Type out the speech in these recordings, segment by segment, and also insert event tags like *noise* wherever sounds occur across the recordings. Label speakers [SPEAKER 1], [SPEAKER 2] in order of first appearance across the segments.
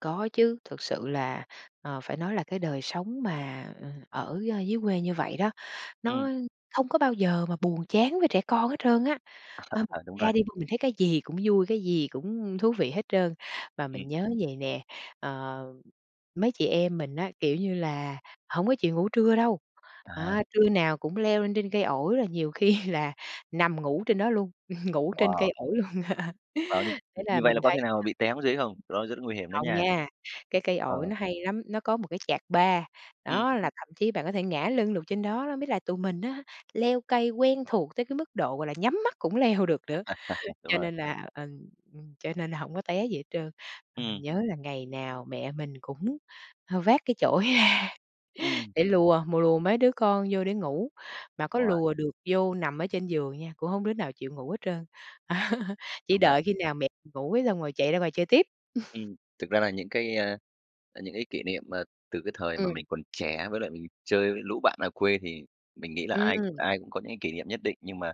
[SPEAKER 1] Có chứ, thực sự là, ờ, phải nói là cái đời sống mà, ờ, ở, ơ, dưới quê như vậy đó,
[SPEAKER 2] Ừm.
[SPEAKER 1] nó không có bao giờ mà buồn chán với trẻ con hết trơn á.
[SPEAKER 2] À,
[SPEAKER 1] Ờ, *unintelligible*
[SPEAKER 2] à, đúng rồi.
[SPEAKER 1] ra đi mình thấy cái gì cũng vui, cái gì cũng thú vị hết trơn. Mà mình
[SPEAKER 2] Ừm.
[SPEAKER 1] nhớ vậy nè, ờ, mấy chị em mình á, kiểu như là, hổng có chịu ngủ trưa đâu,
[SPEAKER 2] À.
[SPEAKER 1] à, trưa nào cũng leo lên trên cây ổi rồi nhiều khi là nằm ngủ trên đó luôn, *laughs* ngủ trên cây
[SPEAKER 2] Wow.
[SPEAKER 1] ổi luôn. *laughs*
[SPEAKER 2] Ờ, như
[SPEAKER 1] Thế
[SPEAKER 2] như
[SPEAKER 1] là
[SPEAKER 2] vậy là
[SPEAKER 1] mình
[SPEAKER 2] có khi
[SPEAKER 1] thấy
[SPEAKER 2] nào mà bị té xuống dưới không? Đó rất nguy hiểm đó
[SPEAKER 1] không
[SPEAKER 2] nha.
[SPEAKER 1] nha, cái cây ổi
[SPEAKER 2] Ờ.
[SPEAKER 1] nó hay lắm, nó có một cái chạc ba,
[SPEAKER 2] Ừm.
[SPEAKER 1] đó, là thậm chí bạn có thể ngả lưng được trên đó đó. Với là tụi mình á, leo cây quen thuộc tới cái mức độ, gọi là, nhắm mắt cũng leo được nữa,
[SPEAKER 2] *laughs* Đúng
[SPEAKER 1] cho
[SPEAKER 2] rồi.
[SPEAKER 1] nên là, ờ, ừm, cho nên là hổng có té gì hết trơn. Mà mình
[SPEAKER 2] Ừm.
[SPEAKER 1] nhớ là ngày nào mẹ mình cũng, ờ, vác cái chổi ra,
[SPEAKER 2] Ừm.
[SPEAKER 1] để lùa mùa lùa mấy đứa con vô để ngủ, mà có
[SPEAKER 2] Đúng rồi.
[SPEAKER 1] lùa được vô nằm ở trên giường nha, cũng hông có đứa nào chịu ngủ hết trơn, *laughs* chỉ
[SPEAKER 2] Đúng rồi.
[SPEAKER 1] đợi khi nào mẹ ngủ cái xong rồi chạy ra ngoài chơi tiếp. *laughs*
[SPEAKER 2] Ừm, thực ra là những cái, à, những cái kỷ niệm mà từ cái thời mà
[SPEAKER 1] Ừm.
[SPEAKER 2] mình còn trẻ với lại mình chơi với lũ bạn ở quê, thì mình nghĩ là ai
[SPEAKER 1] Ừm!
[SPEAKER 2] ai cũng có những cái kỉ niệm nhất định nhưng mà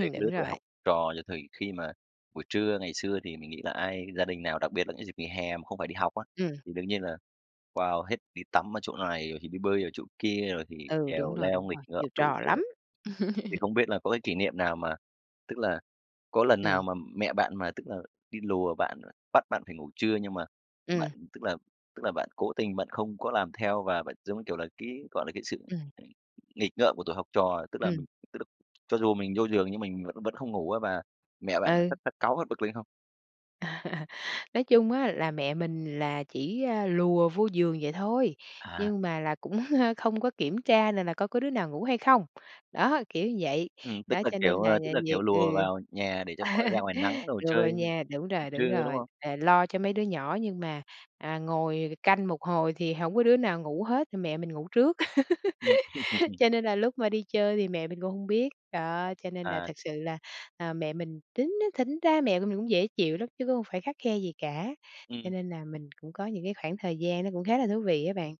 [SPEAKER 2] về cái lứa
[SPEAKER 1] đúng
[SPEAKER 2] tuổi
[SPEAKER 1] rồi.
[SPEAKER 2] học trò. Ờ, thì khi mà buổi trưa, ngày xưa thì mình nghĩ là ai gia đình nào, đặc biệt là những dịp nghỉ hè mà không phải đi học á,
[SPEAKER 1] Ừm.
[SPEAKER 2] thì đương nhiên là, wow, hết đi tắm ở chỗ này rồi thì đi bơi ở chỗ kia, rồi thì
[SPEAKER 1] Ừ, đúng
[SPEAKER 2] trèo
[SPEAKER 1] rồi,
[SPEAKER 2] leo
[SPEAKER 1] đúng
[SPEAKER 2] nghịch
[SPEAKER 1] rồi,
[SPEAKER 2] ngợm
[SPEAKER 1] nhiều
[SPEAKER 2] đủ
[SPEAKER 1] trò
[SPEAKER 2] kiểu.
[SPEAKER 1] lắm.
[SPEAKER 2] Ờ, thì không biết là có cái
[SPEAKER 1] *laughs*
[SPEAKER 2] kỷ niệm nào mà tức là, có lần nào
[SPEAKER 1] Ừm.
[SPEAKER 2] mà mẹ bạn mà, tức là, đi lùa bạn, à, bắt bạn phải ngủ trưa nhưng mà bạn,
[SPEAKER 1] Ừm.
[SPEAKER 2] tức là, tức là, bạn cố tình bạn không có làm theo và bạn, giống như kiểu là, cái, gọi là, cái sự
[SPEAKER 1] Ừm.
[SPEAKER 2] ng nghịch ngợm của tuổi học trò, tức là
[SPEAKER 1] Ừm.
[SPEAKER 2] mình tức là cho dù mình vô giường nhưng mình vẫn vẫn không ngủ á và mẹ bạn
[SPEAKER 1] Ừ.
[SPEAKER 2] phát phát cáu, phát bực lên không?
[SPEAKER 1] À, nói chung á là mẹ mình là chỉ, à, lùa vô giường vậy thôi,
[SPEAKER 2] À!
[SPEAKER 1] nhưng mà là cũng, a, không có kiểm tra là là coi có đứa nào ngủ hay không. Đó, kiểu vậy,
[SPEAKER 2] Ừm, tức
[SPEAKER 1] đó,
[SPEAKER 2] là,
[SPEAKER 1] cho
[SPEAKER 2] kiểu,
[SPEAKER 1] nên là
[SPEAKER 2] ờ, tức
[SPEAKER 1] là
[SPEAKER 2] là,
[SPEAKER 1] việc
[SPEAKER 2] kiểu,
[SPEAKER 1] ừ,
[SPEAKER 2] lùa vào nhà để cho khỏi ra ngoài nắng
[SPEAKER 1] *laughs*
[SPEAKER 2] đồ
[SPEAKER 1] đưa vô
[SPEAKER 2] chơi,
[SPEAKER 1] nha, đúng
[SPEAKER 2] ừm,
[SPEAKER 1] rồi, đúng
[SPEAKER 2] trưa, đúng
[SPEAKER 1] rồi,
[SPEAKER 2] không?
[SPEAKER 1] là lo cho mấy đứa nhỏ nhưng mà, à, ngồi canh một hồi thì hổng có đứa nào ngủ hết thì mẹ mình ngủ trước.
[SPEAKER 2] Ừm.
[SPEAKER 1] *laughs* Cho
[SPEAKER 2] *laughs*
[SPEAKER 1] nên là lúc mà đi chơi thì mẹ mình cũng hông biết, đó, cho nên là
[SPEAKER 2] À.
[SPEAKER 1] thực sự là, à, mẹ mình tính thính ra mẹ của mình cũng dễ chịu lắm chứ cũng không phải khắt khe gì cả, cho
[SPEAKER 2] Ừm.
[SPEAKER 1] nên là mình cũng có những cái khoảng thời gian nó cũng khá là thú vị á bạn.